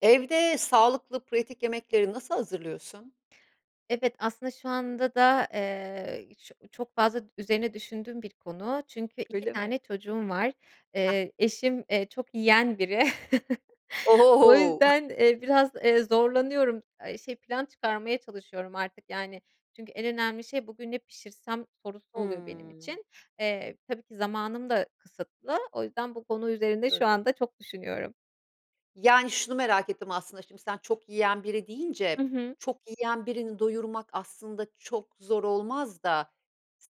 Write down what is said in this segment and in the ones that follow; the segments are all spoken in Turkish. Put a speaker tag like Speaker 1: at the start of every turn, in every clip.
Speaker 1: Evde sağlıklı pratik yemekleri nasıl hazırlıyorsun?
Speaker 2: Evet, aslında şu anda da, eee, ço çok fazla üzerine düşündüğüm bir konu çünkü 2
Speaker 1: Öyle mi?
Speaker 2: tane çocuğum var.
Speaker 1: Hah.
Speaker 2: Eee, eşim, eee, çok yiyen biri. O
Speaker 1: Ohohoo!
Speaker 2: yüzden, eee, biraz, eee, zorlanıyorum. Eee, şey plan çıkarmaya çalışıyorum artık, yani. Çünkü en önemli şey, bugün ne pişirsem, sorusu oluyor benim
Speaker 1: Hıı.
Speaker 2: için. Eee, tabii ki zamanım da kısıtlı. O yüzden bu konu üzerinde şu
Speaker 1: Tabii.
Speaker 2: anda çok düşünüyorum.
Speaker 1: Yani, şunu merak ettim aslında şimdi sen çok yiyen biri
Speaker 2: Hı
Speaker 1: deyince,
Speaker 2: hı.
Speaker 1: çok yiyen birini doyurmak aslında çok zor olmaz da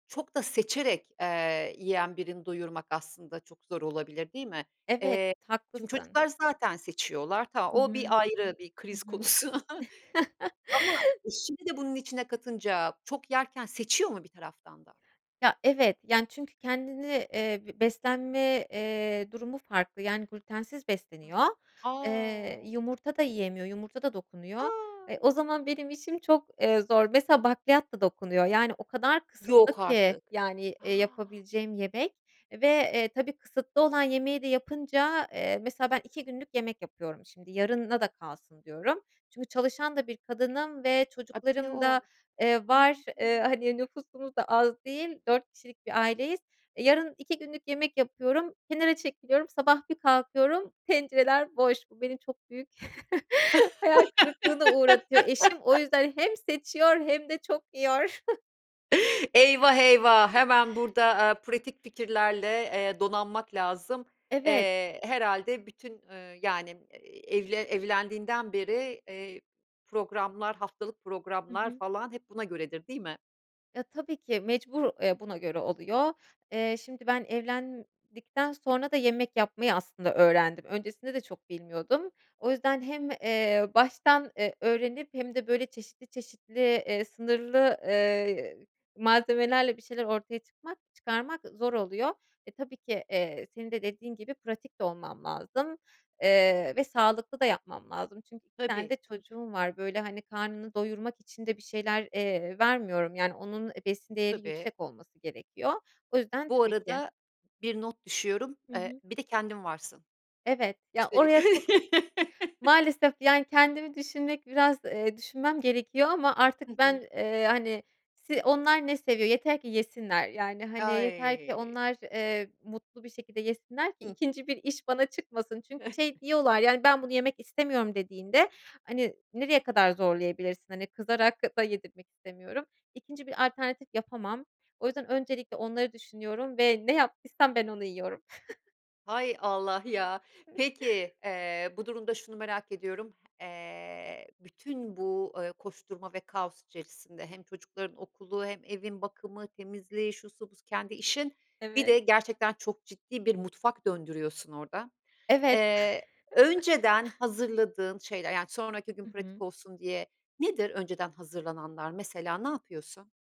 Speaker 1: çok da seçerek, eee, yiyen birini doyurmak aslında çok zor olabilir, değil mi?
Speaker 2: Evet,
Speaker 1: Eee, şimdi
Speaker 2: haklısın.
Speaker 1: çocuklar zaten seçiyorlar. Tamam,
Speaker 2: Hı
Speaker 1: o
Speaker 2: hı.
Speaker 1: bir ayrı bir
Speaker 2: Hı
Speaker 1: kriz
Speaker 2: hı.
Speaker 1: konusu ama eşini de bunun içine katınca çok yerken seçiyor mu bir taraftan da?
Speaker 2: Ya, evet, yani, çünkü kendini eee, beslenme, eee, durumu farklı, yani, glütensiz besleniyor. Eee,
Speaker 1: A!
Speaker 2: yumurta da yiyemiyor, yumurta da dokunuyor. E, o
Speaker 1: A!
Speaker 2: zaman benim işim çok, eee, zor. Mesela, bakliyat da dokunuyor. Yani, o kadar
Speaker 1: Yok
Speaker 2: kısıtlı ki,
Speaker 1: artık.
Speaker 2: yani,
Speaker 1: A!
Speaker 2: eee, yapabileceğim yemek ve, eee, tabii kısıtlı olan yemeği de yapınca, eee, mesela, ben 2 günlük yemek yapıyorum şimdi. Yarına da kalsın diyorum. Çünkü çalışan da bir kadınım ve
Speaker 1: A! Bir de
Speaker 2: çocuklarım
Speaker 1: o var.
Speaker 2: da, eee,
Speaker 1: Hıı.
Speaker 2: var. Eee, hani, nüfusumuz da az değil, 4 kişilik bir aileyiz. Yarın 2 günlük yemek yapıyorum, kenara çekiliyorum, sabah bir kalkıyorum, tencereler boş. Bu beni çok büyük hayal kırıklığına uğratıyor. Eşim o yüzden hem seçiyor hem de çok yiyor.
Speaker 1: Eyvah, eyvah hemen burada, aaa, pratik fikirlerle, eee, donanmak lazım.
Speaker 2: Evet.
Speaker 1: Eee, herhâlde bütün, ııı, yani, eee, evle evlendiğinden beri, eee, programlar, haftalık
Speaker 2: Hı
Speaker 1: programlar
Speaker 2: hı.
Speaker 1: falan hep buna göredir, değil mi?
Speaker 2: Ya, tabii ki mecbur, eee, buna göre oluyor. Eee, şimdi ben evlendikten sonra da yemek yapmayı, aslında, öğrendim. Öncesinde de çok bilmiyordum. O yüzden hem, eee, baştan, eee, öğrenip hem de, böyle, çeşitli, çeşitli, eee, sınırlı, eee, malzemelerle bir şeyler ortaya çıkmak çıkarmak, ııı, zor oluyor. E, tabii ki, eee, senin de dediğin gibi pratik de olmam lazım, eee, ve sağlıklı da yapmam lazım çünkü 2 tane
Speaker 1: Tabii,
Speaker 2: de
Speaker 1: tabii.
Speaker 2: çocuğum var, böyle, hani, karnını doyurmak için de bir şeyler, eee, vermiyorum, yani, onun, eee, besin değeri
Speaker 1: Tabii.
Speaker 2: yüksek olması gerekiyor. O yüzden
Speaker 1: Bu
Speaker 2: tabii ki.
Speaker 1: arada bir not düşüyorum,
Speaker 2: Hı
Speaker 1: eee,
Speaker 2: hı.
Speaker 1: bir de kendin varsın
Speaker 2: Evet, ya,
Speaker 1: üstelik.
Speaker 2: oraya çok Maalesef ki, yani, kendimi düşünmek biraz, eee, düşünmem gerekiyor ama
Speaker 1: Hı
Speaker 2: artık ben,
Speaker 1: hı.
Speaker 2: eee, hani, se onlar ne seviyor? Yeter ki yesinler, yani, hani, yeter ki
Speaker 1: Ay!
Speaker 2: onlar, eee, mutlu bir şekilde yesinler ki
Speaker 1: Hıh.
Speaker 2: 2. bir iş bana çıkmasın. Çünkü şey diyorlar, yani, "Ben bunu yemek istemiyorum." dediğinde, hani, nereye kadar zorlayabilirsin? Hani, kızarak da yedirmek istemiyorum. 2. bir alternatif yapamam. O yüzden öncelikle onları düşünüyorum ve ne yaptıysam ben onu yiyorum.
Speaker 1: Hay Allah ya! Peki, eee, bu durumda şunu merak ediyorum. Eee, bütün bu, ııı, koşturma ve kaos içerisinde, hem çocukların okulu hem evin bakımı, temizliği, şusu busu, kendi işin, bir
Speaker 2: Evet.
Speaker 1: de gerçekten çok ciddi bir mutfak döndürüyorsun orada.
Speaker 2: Evet.
Speaker 1: Eee, önceden hazırladığın şeyler, yani, sonraki gün
Speaker 2: Hı
Speaker 1: pratik
Speaker 2: hı.
Speaker 1: olsun diye, nedir önceden hazırlananlar? Mesela, ne yapıyorsun?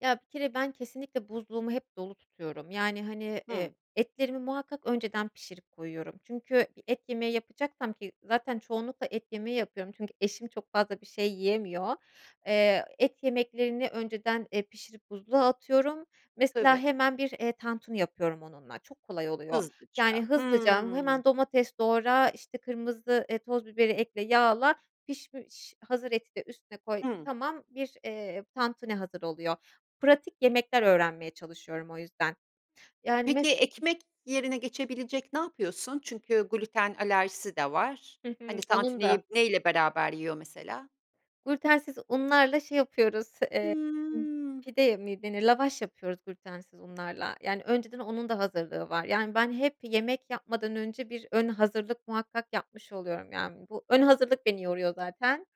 Speaker 2: Ya, bir kere ben kesinlikle buzluğumu hep dolu tutuyorum, yani, hani, eee,
Speaker 1: Hıı.
Speaker 2: etlerimi muhakkak önceden pişirip koyuyorum, çünkü et yemeği yapacaksam ki, zaten çoğunlukla et yemeği yapıyorum. Çünkü eşim çok fazla bir şey yiyemiyor. Eee, et yemeklerini önceden, eee, pişirip buzluğa atıyorum, mesela,
Speaker 1: Tabii.
Speaker 2: hemen bir, eee, tantuni yapıyorum onunla, çok kolay oluyor. Yani,
Speaker 1: Hızlıca.
Speaker 2: hızlıca
Speaker 1: Hıı.
Speaker 2: hemen domates doğra, işte, kırmızı, eee, toz biberi ekle, yağla, pişmiş hazır eti de üstüne koy,
Speaker 1: Hıı.
Speaker 2: tamam, bir, eee, tantuni hazır oluyor. Pratik yemekler öğrenmeye çalışıyorum o yüzden, yani,
Speaker 1: Peki,
Speaker 2: mes
Speaker 1: ekmek yerine geçebilecek ne yapıyorsun? Çünkü glüten alerjisi de var.
Speaker 2: Hı hı.
Speaker 1: Hani,
Speaker 2: Onun da.
Speaker 1: tantuniyi neyle beraber yiyor mesela?
Speaker 2: Glütensiz unlarla şey yapıyoruz, eee,
Speaker 1: Hıı.
Speaker 2: pide mi denir lavaş yapıyoruz glütensiz unlarla, yani, önceden onun da hazırlığı var, yani, ben hep yemek yapmadan önce bir ön hazırlık muhakkak yapmış oluyorum, yani, bu ön hazırlık beni yoruyor zaten.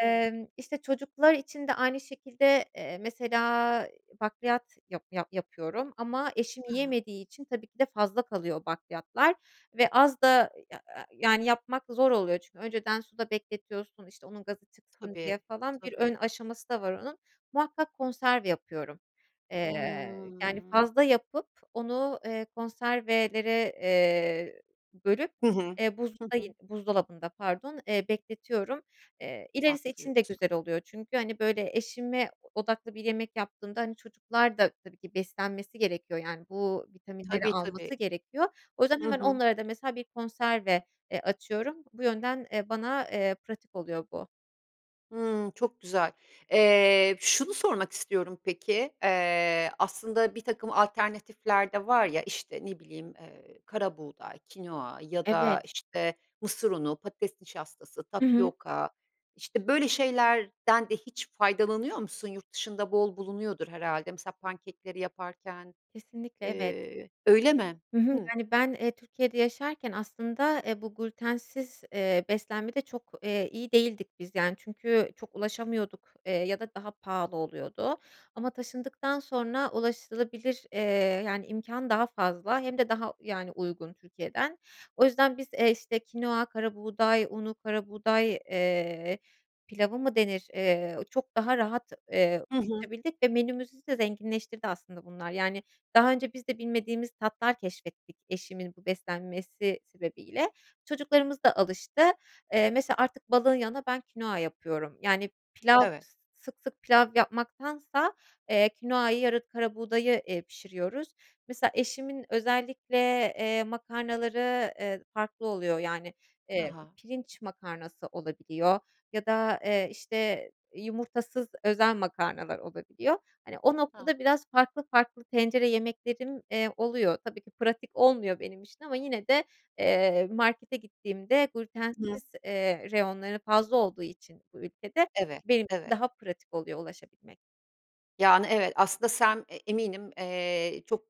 Speaker 1: Evet.
Speaker 2: işte, çocuklar için de aynı şekilde, eee, mesela, iii, bakliyat yap yap yapıyorum ama eşim
Speaker 1: Ha ha.
Speaker 2: yiyemediği için, tabii ki de, fazla kalıyor bakliyatlar ve az da i ya ya yani yapmak zor oluyor çünkü önceden suda bekletiyorsun, işte, onun gazı çıksın diye
Speaker 1: Tabii,
Speaker 2: falan, bir ön
Speaker 1: tabii.
Speaker 2: aşaması da var onun. Muhakkak konserve yapıyorum, eee, yani,
Speaker 1: Hıı.
Speaker 2: fazla yapıp onu, eee, konservelere, eee, bölüp,
Speaker 1: Hı hı.
Speaker 2: eee,
Speaker 1: Hı
Speaker 2: buzlukta ye
Speaker 1: hı.
Speaker 2: buzdolabında pardon, eee, bekletiyorum. Eee, ilerisi için de
Speaker 1: Saklıyorsun.
Speaker 2: güzel oluyor çünkü, hani, böyle eşime odaklı bir yemek yaptığımda, hani, çocuklar da tabii ki beslenmesi gerekiyor, yani, bu vitaminleri
Speaker 1: Tabii, tabii.
Speaker 2: alması gerekiyor. O yüzden
Speaker 1: Hı
Speaker 2: hemen
Speaker 1: hı.
Speaker 2: onlara da, mesela, bir konserve, eee, açıyorum. Bu yönden, eee, bana, eee, pratik oluyor bu.
Speaker 1: Hıı, çok güzel. Eee, şunu sormak istiyorum, peki, eee, aslında birtakım alternatifler de var ya, işte, ne bileyim, eee, karabuğday, kinoa ya da,
Speaker 2: Evet.
Speaker 1: işte, mısır unu, patates nişastası,
Speaker 2: Hı hı.
Speaker 1: tapyoka, işte, böyle şeylerden de hiç faydalanıyor musun yurt dışında bol bulunuyordur herhalde? Mesela, pankekleri yaparken,
Speaker 2: Kesinlikle, evet.
Speaker 1: eee Öyle mi?
Speaker 2: Hı hı.
Speaker 1: Hı.
Speaker 2: Yani, ben, eee, Türkiye'de yaşarken, aslında, eee, bu glütensiz, eee, beslenmede çok, eee, iyi değildik biz, yani, çünkü çok ulaşamıyorduk, eee, ya da daha pahalı oluyordu. Ama taşındıktan sonra ulaşılabilir, eee, yani, imkân daha fazla hem de daha, yani, uygun Türkiye'den. O yüzden biz, eee, işte, kinoa, karabuğday unu, karabuğday, eee, pilavı mı denir, eee, çok daha rahat, eee,
Speaker 1: Hı hı.
Speaker 2: ulaşabildik ve menümüzü de zenginleştirdi, aslında, bunlar. Yani, daha önce biz de bilmediğimiz tatlar keşfettik eşimin bu beslenmesi sebebiyle. Çocuklarımız da alıştı, eee, mesela, artık balığın yanına ben kinoa yapıyorum, yani, pilav
Speaker 1: Evet.
Speaker 2: sık sık pilav yapmaktansa, eee, kinoayı yara karabuğdayı, eee, pişiriyoruz. Mesela, eşimin özellikle, eee, makarnaları, eee, farklı oluyor, yani,
Speaker 1: Ha
Speaker 2: eee,
Speaker 1: ha.
Speaker 2: pirinç makarnası olabiliyor ya da, eee, işte, yumurtasız özel makarnalar olabiliyor. Hani, o
Speaker 1: Ha.
Speaker 2: noktada biraz farklı farklı tencere yemeklerim, eee, oluyor. Tabii ki pratik olmuyor benim için ama yine de, eee, markete gittiğimde
Speaker 1: [unintelligible]
Speaker 2: glütensiz, eee, reyonları fazla olduğu için bu ülkede
Speaker 1: Evet,
Speaker 2: benim [unintelligible]
Speaker 1: evet.
Speaker 2: daha pratik oluyor ulaşabilmek.
Speaker 1: Yani, evet, aslında sen e eminim, eee, çok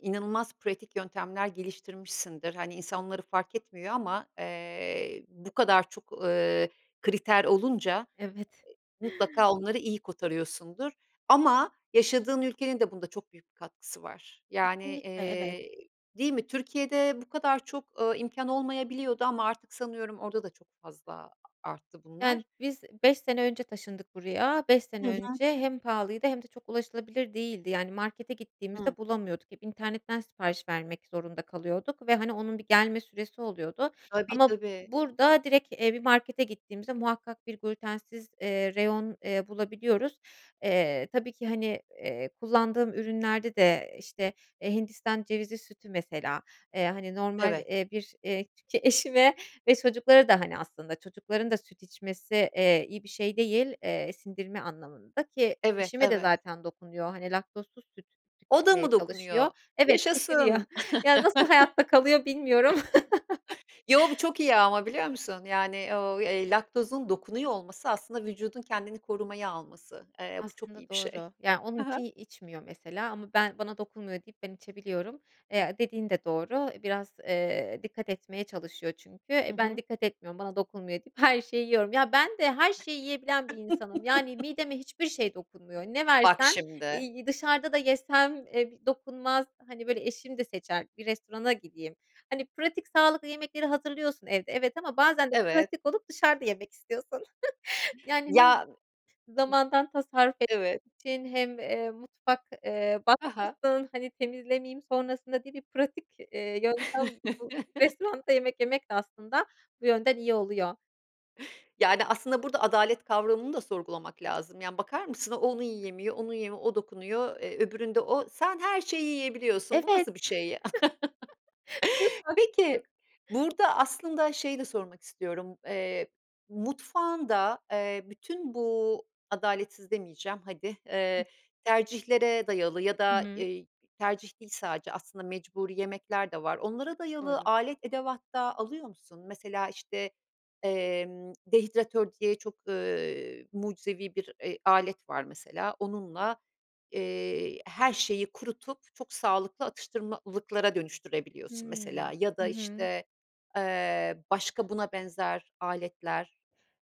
Speaker 1: inanılmaz pratik yöntemler geliştirmişsindir. Hani, insanları fark etmiyor ama, eee, bu kadar çok, ııı, kriter olunca,
Speaker 2: Evet.
Speaker 1: eee, mutlaka onları iyi kotarıyorsundur ama yaşadığın ülkenin de bunda çok büyük bir katkısı var. Yani,
Speaker 2: Kesinlikle, evet.
Speaker 1: iii, değil mi, Türkiye'de bu kadar çok, eee, imkân olmayabiliyordu ama artık sanıyorum orada da çok fazla arttı bunlar.
Speaker 2: Yani, biz 5 sene önce taşındık buraya. 5 sene
Speaker 1: Hı hı.
Speaker 2: önce hem pahalıydı hem de çok ulaşılabilir değildi. Yani, markete
Speaker 1: Hıı.
Speaker 2: gittiğimizde bulamıyorduk. Hep internetten sipariş vermek zorunda kalıyorduk ve, hani, onun bir gelme süresi oluyordu
Speaker 1: Tabii,
Speaker 2: ama
Speaker 1: tabii.
Speaker 2: burada direkt, eee, bir markete gittiğimizde muhakkak bir glütensiz, eee, reyon, eee, bulabiliyoruz. Eee, tabii ki, hani, eee, kullandığım ürünlerde de işte, eee, hindistan cevizi sütü, mesela, eee, hani, normal,
Speaker 1: Evet.
Speaker 2: eee, bir, eee eşime, çocuklara da, hani, aslında, çocukların da süt içmesi, eee, iyi bir şey değil, eee, sindirme anlamında ki
Speaker 1: Evet,
Speaker 2: eşime de
Speaker 1: evet.
Speaker 2: zaten dokunuyor, hani, laktozsuz süt
Speaker 1: O da
Speaker 2: tüketmeye
Speaker 1: mı
Speaker 2: çalışıyor
Speaker 1: dokunuyor?
Speaker 2: Evet, şişiriyor.
Speaker 1: Yaşasın.
Speaker 2: Yani, nasıl hayatta kalıyor, bilmiyorum.
Speaker 1: Yo, bu çok iyi ama biliyor musun? Yani o, eee, laktozun dokunuyor olması, aslında, vücudun kendini korumaya alması. Eee, bu çok
Speaker 2: Aslında
Speaker 1: iyi bir şey.
Speaker 2: doğru. Ya, onun
Speaker 1: Hı hı.
Speaker 2: için içmiyor, mesela, ama ben, bana dokunmuyor, deyip ben içebiliyorum. Eee, dediğin de doğru. E, biraz, eee, dikkat etmeye çalışıyor. Çünkü,
Speaker 1: Hı
Speaker 2: eee, ben
Speaker 1: hı.
Speaker 2: dikkat etmiyorum, bana dokunmuyor, deyip her şeyi yiyorum. Ya, ben de her şeyi yiyebilen bir insanım. Yani, mideme hiçbir şey dokunmuyor. Ne
Speaker 1: Bak
Speaker 2: versen,
Speaker 1: şimdi.
Speaker 2: iii, dışarıda da yesem, eee, b dokunmaz. Hani, böyle, eşim de seçer, bir restorana gideyim. Hani, pratik sağlıklı yemekleri hazırlıyorsun evde, evet, ama bazen de
Speaker 1: Evet.
Speaker 2: pratik olup dışarıda yemek istiyorsun. Yani, hem
Speaker 1: Ya.
Speaker 2: zamandan tasarruf etmek
Speaker 1: Evet.
Speaker 2: için hem, eee, mutfak, eee,
Speaker 1: Ha ha.
Speaker 2: batmasın, hani, temizlemeyeyim sonrasında diye bir pratik, eee, yöntem bu restoranda yemek yemek de, aslında, bu yönden iyi oluyor.
Speaker 1: Yani, aslında burada adalet kavramını da sorgulamak lazım. Yani, bakar mısın? O onu yiyemiyor, onu ye o dokunuyor, eee, öbüründe o Sen her şeyi yiyebiliyorsun. Bu
Speaker 2: Evet.
Speaker 1: nasıl bir şey, ya?
Speaker 2: Büyük haksızlık.
Speaker 1: Peki, burada aslında şeyi de sormak istiyorum. Eee, mutfağında, eee, bütün bu, adaletsiz demeyeceğim hadi,
Speaker 2: Hıh.
Speaker 1: eee, tercihlere dayalı ya
Speaker 2: Hı
Speaker 1: da,
Speaker 2: hı.
Speaker 1: eee, tercih değil sadece, aslında mecburi yemekler de var. Onlara dayalı
Speaker 2: Doğru.
Speaker 1: alet edevat da alıyor musun? Mesela, işte, emm, dehidratör diye çok, eee, mucizevi bir, eee, alet var mesela. Onunla, eee, her şeyi kurutup, çok sağlıklı atıştırmalıklara dönüştürebiliyorsun,
Speaker 2: Hımm,
Speaker 1: mesela. Ya
Speaker 2: hı
Speaker 1: da,
Speaker 2: hı.
Speaker 1: işte, eee, başka buna benzer aletler,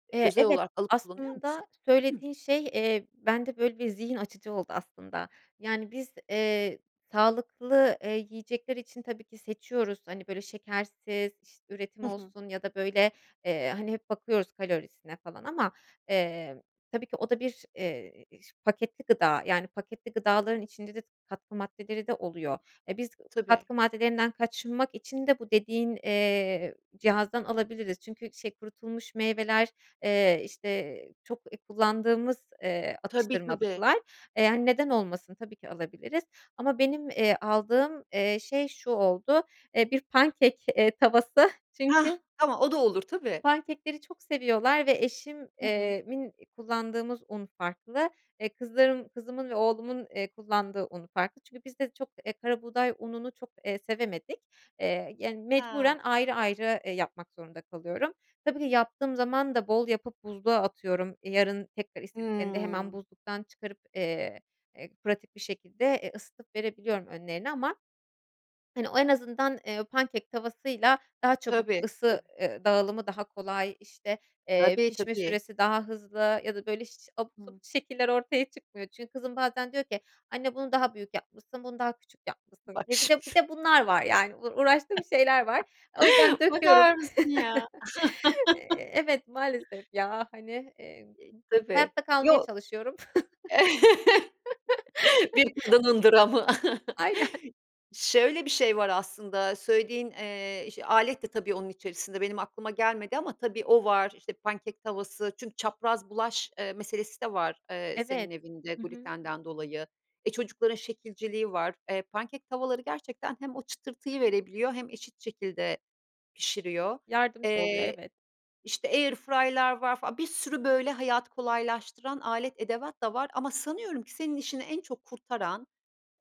Speaker 1: eee,
Speaker 2: Eee,
Speaker 1: özel
Speaker 2: evet.
Speaker 1: olarak alıp kullanıyor musun?
Speaker 2: Aslında,
Speaker 1: Hıh.
Speaker 2: söylediğin şey, eee, bende, böyle, bir zihin açıcı oldu aslında. Yani, biz, eee, sağlıklı, eee, yiyecekler için tabii ki seçiyoruz. Hani, böyle, şekersiz, iş üretim
Speaker 1: Hı hı.
Speaker 2: olsun ya da, böyle, eee, hani, hep bakıyoruz kalorisine falan ama, eee, tabii ki o da bir, eee, s paketli gıda. Yani, paketli gıdaların içinde de katkı maddeleri de oluyor. Eee, biz
Speaker 1: Tabii.
Speaker 2: katkı maddelerinden kaçınmak için de bu dediğin, eee, cihazdan alabiliriz. Çünkü şey, kurutulmuş meyveler, eee, işte, çok kullandığımız, eee,
Speaker 1: Tabii, tabii.
Speaker 2: atıştırmalıklar. Eee, hani, neden olmasın? Tabii ki alabiliriz ama benim, eee, aldığım, eee, şey şu oldu, eee, bir, pancake eee, tavası.
Speaker 1: Hah!
Speaker 2: Çünkü
Speaker 1: Tamam, o da olur. Tabii.
Speaker 2: Pancake'leri çok seviyorlar ve eşim
Speaker 1: Hı hı.
Speaker 2: eee, min kullandığımız un farklı. Eee, kızlarım kızımın ve oğlumun, eee, kullandığı un farklı. Çünkü biz de çok, eee, karabuğday ununu çok, eee, sevemedik. Eee, yani, mecburen
Speaker 1: Ha.
Speaker 2: ayrı ayrı, eee, yapmak zorunda kalıyorum. Tabii ki yaptığım zaman da bol yapıp buzluğa atıyorum. Yarın tekrar istediklerinde hemen
Speaker 1: Hımm.
Speaker 2: buzluktan çıkarıp, eee, eee, pratik bir şekilde, eee, ısıtıp verebiliyorum önlerine. Ama, hani, o en azından, eee, pancake tavasıyla daha çabuk
Speaker 1: Tabii,
Speaker 2: ısı,
Speaker 1: tabii.
Speaker 2: eee, dağılımı daha kolay. İşte, eee,
Speaker 1: Tabii,
Speaker 2: pişme
Speaker 1: tabii.
Speaker 2: süresi daha hızlı ya da, böyle, iş abuk
Speaker 1: Hı.
Speaker 2: subuk şekiller ortaya çıkmıyor. Çünkü kızım bazen diyor ki "Anne, bunu daha büyük yapmışsın, bunu daha küçük yapmışsın."
Speaker 1: Bak
Speaker 2: Eee, bir de bir
Speaker 1: şimdi.
Speaker 2: de bunlar var, yani. Uğraştığım şeyler var. O yüzden döküyorum.
Speaker 1: Bakar mısın, ya?
Speaker 2: Eee, evet, maalesef, ya. Hani, eee,
Speaker 1: E, tabii.
Speaker 2: hayatta kalmaya
Speaker 1: Yo
Speaker 2: çalışıyorum.
Speaker 1: Bir kadının dramı.
Speaker 2: Aynen.
Speaker 1: Şöyle bir şey var aslında, söylediğin, eee, ş alet de tabii onun içerisinde, benim aklıma gelmedi ama tabii, o var, işte, pancake tavası çünkü çapraz bulaş, eee, meselesi de var, eee,
Speaker 2: Evet,
Speaker 1: senin evinde
Speaker 2: hı hı.
Speaker 1: glütenden dolayı. E, çocukların şekilciliği var. Eee, pancake tavaları gerçekten hem o çıtırtıyı verebiliyor hem eşit şekilde pişiriyor.
Speaker 2: Yardımcı oluyor,
Speaker 1: Eee,
Speaker 2: evet.
Speaker 1: işte, air fryer'lar var fa Bir sürü, böyle, hayatı kolaylaştıran alet edevat da var ama sanıyorum ki senin işini en çok kurtaran,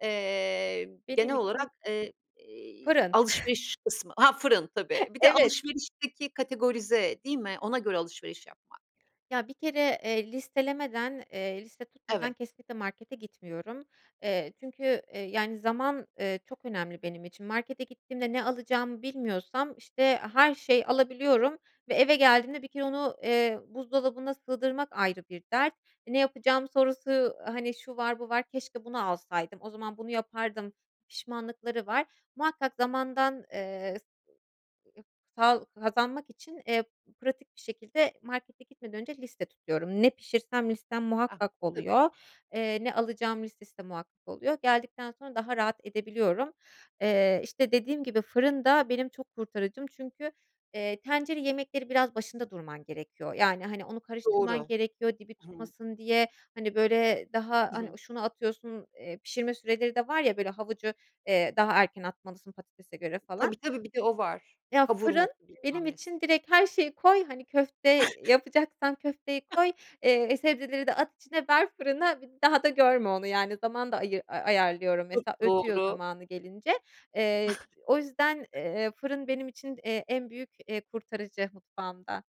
Speaker 1: eee,
Speaker 2: Benim
Speaker 1: genel olarak,
Speaker 2: için
Speaker 1: eee, iii,
Speaker 2: Fırın.
Speaker 1: alışveriş kısmı Ha, fırın tabii. Bir de
Speaker 2: Evet.
Speaker 1: alışverişteki kategorize, değil mi? Ona göre alışveriş yapmak.
Speaker 2: Ya, bir kere, eee, listelemeden, eee, liste tutmadan
Speaker 1: Evet.
Speaker 2: kesinlikle markete gitmiyorum. Eee, çünkü, eee, yani, zaman, eee, çok önemli benim için. Markete gittiğimde ne alacağımı bilmiyorsam, işte, her şeyi alabiliyorum ve eve geldiğimde bir kere onu, eee, buzdolabına sığdırmak ayrı bir dert. E, "Ne yapacağım?" sorusu, hani, şu var, bu var, keşke bunu alsaydım, o zaman bunu yapardım, pişmanlıkları var. Muhakkak zamandan, eee, s [unintelligible] sağ kazanmak için, eee, pratik bir şekilde markete gitmeden önce liste tutuyorum. Ne pişirsem listem,
Speaker 1: Ah,
Speaker 2: muhakkak
Speaker 1: tabii.
Speaker 2: oluyor. Eee, ne alacağım listesi de muhakkak oluyor. Geldikten sonra daha rahat edebiliyorum. Eee, işte, dediğim gibi fırın da benim çok kurtarıcım. Çünkü, eee, tencere yemekleri biraz başında durman gerekiyor. Yani, hani, onu karıştırman
Speaker 1: Doğru,
Speaker 2: gerekiyor, dibi
Speaker 1: hımm.
Speaker 2: tutmasın diye. Hani, böyle, daha,
Speaker 1: Hı
Speaker 2: hani,
Speaker 1: hı.
Speaker 2: şunu atıyorsun, eee, pişirme süreleri de var ya, böyle, havucu, eee, daha erken atmalısın, patatese göre falan.
Speaker 1: Tabii, tabii. Bir de o var.
Speaker 2: Ya, fırın
Speaker 1: Kavurması,
Speaker 2: benim
Speaker 1: bilmemnesi.
Speaker 2: için direkt her şeyi koy, hani, köfte yapacaksan köfteyi koy, eee, sebzeleri de at içine, ver fırına, bir daha da görme onu, yani. Zaman da ayı ayarlıyorum,
Speaker 1: Çok
Speaker 2: mesela ötüyor
Speaker 1: doğru.
Speaker 2: zamanı gelince. Eee, o yüzden, eee, fırın benim için, eee, en büyük, eee, kurtarıcı mutfağımda.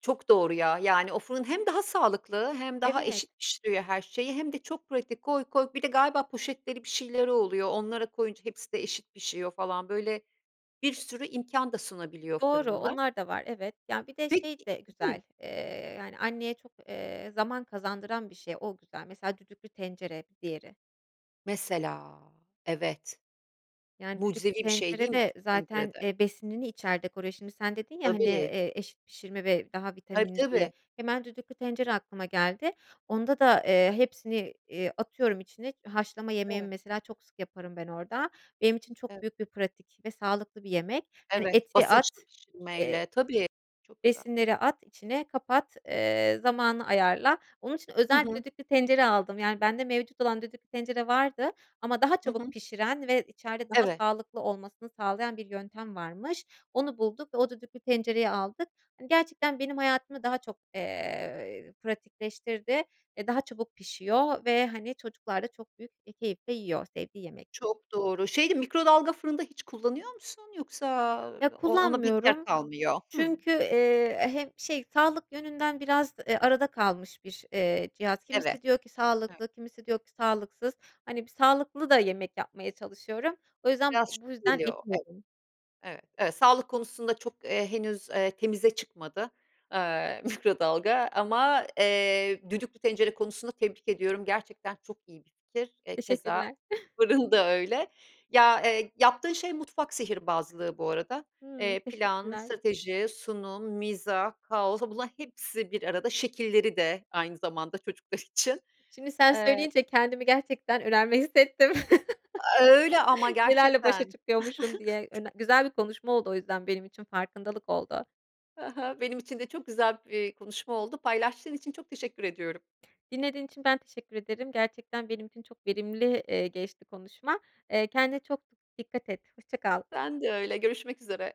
Speaker 1: Çok doğru, ya. Yani, o fırın hem daha sağlıklı, hem daha
Speaker 2: Evet.
Speaker 1: eşit pişiriyor her şeyi hem de çok pratik, koy koy. Bir de galiba poşetleri, bir şeyleri oluyor, onlara koyunca hepsi de eşit pişiyor falan. Böyle, bir sürü imkân da sunabiliyor
Speaker 2: Doğru,
Speaker 1: fırınlar.
Speaker 2: onlar da var, evet. Ya, bir de şey
Speaker 1: Peki
Speaker 2: de
Speaker 1: Hı?
Speaker 2: güzel, eee, yani, anneye çok, eee, zaman kazandıran bir şey. O güzel. Mesela, düdüklü tencere, bir diğeri.
Speaker 1: Mesela! Evet,
Speaker 2: Yani, düdüklü
Speaker 1: mucizevi bir şey, değil
Speaker 2: tencere
Speaker 1: mi?
Speaker 2: de
Speaker 1: Düdüklü tencere
Speaker 2: zaten,
Speaker 1: de.
Speaker 2: eee, besinini içerde koruyor. Şimdi, sen dedin ya, hani,
Speaker 1: Tabii.
Speaker 2: eee, eşit pişirme ve daha
Speaker 1: Tabii,
Speaker 2: vitaminli, diye.
Speaker 1: tabii.
Speaker 2: Hemen düdüklü tencere aklıma geldi. Onda da, eee, hepsini, iii, atıyorum içine, haşlama yemeğimi
Speaker 1: Evet.
Speaker 2: mesela, çok sık yaparım ben orada. Benim için çok
Speaker 1: Evet.
Speaker 2: büyük bir pratik ve sağlıklı bir yemek. Hani,
Speaker 1: Evet,
Speaker 2: eti
Speaker 1: basınç
Speaker 2: at, eee,
Speaker 1: değişilmeyle. Tabii, çok güzel.
Speaker 2: besinleri at içine, kapat, eee, zamanı ayarla. Onun için
Speaker 1: Hı
Speaker 2: özel
Speaker 1: hı.
Speaker 2: düdüklü tencere aldım. Yani, bende mevcut olan düdüklü tencere vardı ama daha
Speaker 1: Hı
Speaker 2: çabuk
Speaker 1: hı.
Speaker 2: pişiren ve içeride daha
Speaker 1: Evet.
Speaker 2: sağlıklı olmasını sağlayan bir yöntem varmış. Onu bulduk ve o düdüklü tencereyi aldık. Hani, gerçekten benim hayatımı daha çok, eee, pratikleştirdi. Eee, daha çabuk pişiyor ve, hani, çocuklar da çok büyük bir keyifle yiyor, sevdiği yemek
Speaker 1: Çok doğru. Şey de, mikrodalga fırın da hiç kullanıyor musun? Yoksa, aaa,
Speaker 2: Ya,
Speaker 1: o ona pek yer
Speaker 2: kullanmıyorum
Speaker 1: kalmıyor. Hımm.
Speaker 2: çünkü, eee, hem şey, sağlık yönünden biraz, eee, arada kalmış bir, eee, cihaz.
Speaker 1: Evet,
Speaker 2: Kimisi diyor ki
Speaker 1: evet.
Speaker 2: sağlıklı, kimisi diyor ki sağlıksız. Hani, bir sağlıklı da yemek yapmaya çalışıyorum. O yüzden
Speaker 1: Biraz
Speaker 2: bu yüzden
Speaker 1: şüpheli o, evet.
Speaker 2: [unintelligible]
Speaker 1: Evet, evet, sağlık konusunda çok, eee, henüz, eee, temize çıkmadı, aaa, mikrodalga ama, eee, düdüklü tencere konusunda tebrik ediyorum. Gerçekten çok iyi bir fikir. E, keza,
Speaker 2: Teşekkürler.
Speaker 1: fırın da öyle. Ya, eee, yaptığın şey mutfak sihirbazlığı bu arada.
Speaker 2: Hımm,
Speaker 1: Eee, plan,
Speaker 2: teşekkürler.
Speaker 1: strateji, sunum, mizah, kaos... Bunların hepsi bir arada. Şekilleri de aynı zamanda çocuklar için.
Speaker 2: Şimdi sen
Speaker 1: Eee
Speaker 2: söyleyince kendimi gerçekten önemli hissettim.
Speaker 1: Öyle ama!
Speaker 2: Nelerle başa
Speaker 1: Gerçekten.
Speaker 2: çıkıyormuşum diye. Öne güzel bir konuşma oldu o yüzden benim için. Farkındalık oldu.
Speaker 1: Hı hı, benim için de çok güzel bir konuşma oldu. Paylaştığın için çok teşekkür ediyorum.
Speaker 2: Dinlediğin için ben teşekkür ederim. Gerçekten benim için çok verimli, eee, geçti konuşma. Eee, kendine çok dikkat et. Hoşça kal.
Speaker 1: Ben de öyle. Görüşmek üzere.